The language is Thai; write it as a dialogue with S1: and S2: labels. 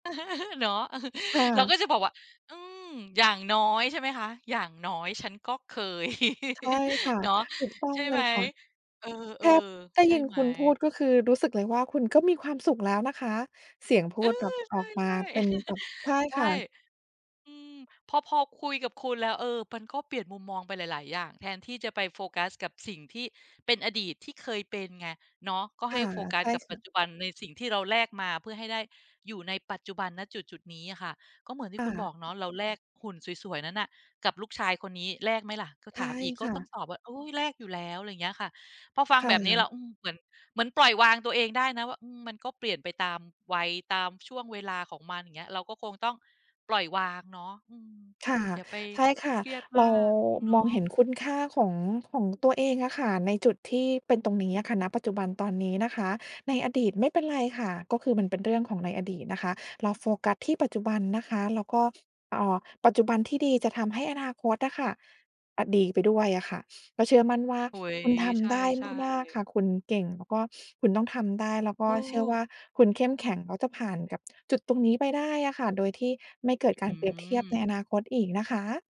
S1: เนาะ
S2: ค่
S1: เราก
S2: ะ
S1: ็จะบอกว่า อืม อย่างน้อย ใช่ไหมคะ อย่างน้อยฉันก็เคย
S2: ใช่ค่ะ
S1: เนาะ
S2: ถูกต้อ
S1: ใช
S2: ง
S1: ่
S2: เล
S1: ไหม
S2: ยค่ะ
S1: เออ
S2: แทบ ได้
S1: ๆ ใช่
S2: ยิน
S1: ไหม?
S2: คุณพูด ก็คือรู้สึกเลยว่า คุณก็มีความสุขแล้วนะคะ เสียงพู
S1: อื
S2: ดแบ
S1: อ
S2: บออกมา
S1: ใช่
S2: เป็
S1: ๆ
S2: นแบบ ใช่
S1: ใช
S2: ค
S1: ่
S2: ่ะ
S1: อืม พอ พอคุยกับคุณแล้ว เออ มันก็เปลี่ยนมุมมองไปหลาย ๆ อย่าง แทนที่จะไปโฟกัสกับสิ่งที่เป็นอดีตที่เคยเป็นไงเนาะ ก็
S2: ค
S1: ให
S2: ่
S1: ้
S2: ะ
S1: โฟกั
S2: ใช
S1: ส
S2: ่
S1: กับ
S2: ค
S1: ป
S2: ่
S1: ัจ
S2: ะ
S1: จุบันในสิ่งที่เราแลกมาเพื่อให้ได้อยู่ในปัจจุบัน ณ จุด ๆ นี้ค่ะ ก็เหมือนที
S2: ค
S1: ่
S2: ่
S1: คุณบ
S2: ะ
S1: อกเนาะ เราแลกหุ่นสวย ๆ นั้นน่ะกับลูกชายคนนี้ แลกไหมล่ะ ก็
S2: ใช
S1: ถ
S2: ่
S1: ามอีก ก
S2: ค
S1: ็
S2: ่
S1: ต้อ
S2: ะ
S1: งตอบว่า อุ๊ย แลกอยู่แล้ว อะไรอย่างเงี้ยค่ะ พอฟั
S2: ค
S1: ง
S2: ่
S1: แบบนี้แ
S2: ะ
S1: ล้ว อืม เหมือน เหมือนปล่อยวางตัวเองได้นะว่า อืม มันก็เปลี่ยนไปตามวัย ตามช่วงเวลาของมัน อย่างเงี้ย เราก็คงต้องปล่อยวางเนาะ อืม
S2: ค่ะ
S1: อย่าไป
S2: ใช่ค่ะ
S1: เครียด
S2: เ
S1: ม
S2: ร
S1: า
S2: า
S1: กเนา
S2: มองเห
S1: ะ
S2: ็นคุณค่าของ ของตัวเองอะค่ะ ในจุดที่เป็นตรงนี้อะค่ะ ณ ปัจจุบันตอนนี้นะคะ ในอดีตไม่เป็นไรค่ะ ก็คือมันเป็นเรื่องของในอดีตนะคะ เราโฟกัสที่ปัจจุบันนะคะ แล้วก็ อ่า ปัจจุบันที่ดีจะทำให้อนาคตอะค่ะ อ่า ดีไปด้วยอะค่ะ ก็เชื่อมั่นว่า
S1: โอ้โฮ
S2: คุณท
S1: ใช
S2: ำได้
S1: ่
S2: มาก ๆ
S1: ๆ
S2: ค่ะ คุณเก่งแล้วก็คุณต้องทำได้ แล้วก
S1: เ
S2: ็เชื่อ
S1: ออ
S2: ว่าคุณเข้มแข็ง แล้วจะผ่านกับจุดตรงนี้ไปได้อะค่ะ โดยที่ไม่เกิดก
S1: อ
S2: าร
S1: ื
S2: เปรียบเทียบ
S1: ม
S2: ในอนาคตอีกนะคะ